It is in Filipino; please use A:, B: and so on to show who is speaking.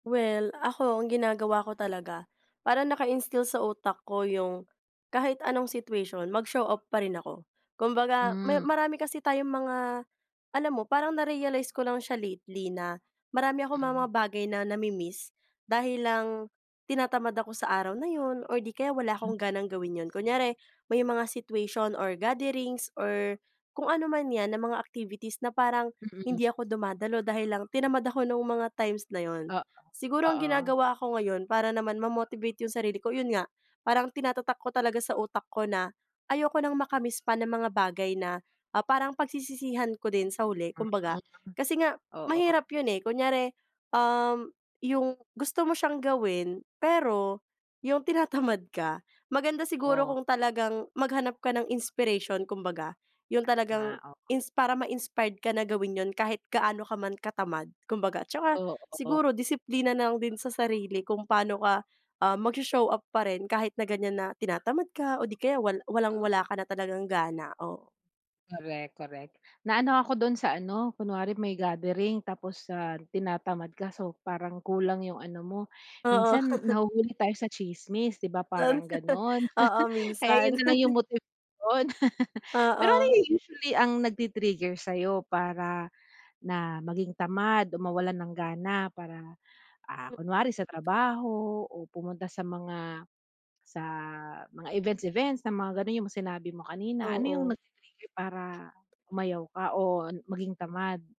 A: Well, ako ang ginagawa ko talaga, parang naka-instill sa utak ko yung, kahit anong situation mag-show up pa rin ako. Kumbaga, may
B: Hmm.
A: marami kasi tayong mga alam mo, parang na-realize ko lang siya lately na, marami akong mga
B: Hmm.
A: bagay na na-mi-miss dahil lang tinatamad ako sa araw na 'yon, or 'di kaya, wala
B: M
A: akong ganang gawin 'yon. Kunyari, may mga situation, or gatherings, or kung anuman 'yan, na mga activities na parang,
B: Mm.
A: hindi ako dumadalo dahil lang tinamad ako, no'ng mga times na 'yon.
B: Oo,
A: Siguro, ang
B: oo.
A: ginagawa ko ngayon, para naman ma-motivate 'yong sarili ko, 'yon nga, parang tinatatak ko talaga sa utak ko na, ayoko nang maka-miss pa ng mga bagay na, ah, parang pagsisisihan ko din sa huli,
B: Mm,
A: kumbaga. Kasi nga,
B: oo.
A: mahirap 'yon, eh, kunyari, um, yung gusto mo siyang gawin, pero yung tinatamad ka. Maganda siguro
B: Oh.
A: kung talagang maghanap ka ng inspiration kumbaga, yung talagang
B: Tama, oo.
A: ins para ma-inspired ka na gawin 'yon kahit gaano ka man katamad, kumbaga. At tsaka,
B: Oo.
A: siguro disiplina na lang din sa sarili, kung paano ka, ah, mag-sho-show up pa rin, kahit na ganyan na tinatamad ka, o 'di kaya wal walang-wala
B: Oo.
A: ka na talagang gana, oo.
B: Korek, korek. Naano ako do'n sa ano, kunwari may gathering, tapos, ah, tinatamad ka, so, parang kulang 'yong ano mo.
A: Oo.
B: Minsan, nahuhuli tayo sa tsismis, 'di ba,
A: 'Yon,
B: parang gano'n.
A: oo,
B: Kaya
A: minsan.
B: 'yon na lang yung motivation. Pero ano
A: Oo.
B: yung, usually ang nag-ti-trigger sa'yo, para na maging tamad, o mawalan ng gana para, ah,
A: M
B: kunwari sa trabaho o pumunta sa mga, sa mga events-events na mga gano'n, yung sinabi mo kanina, ano yung
A: Oo.
B: nag-ti-trigger para, umayaw ka o maging tamad?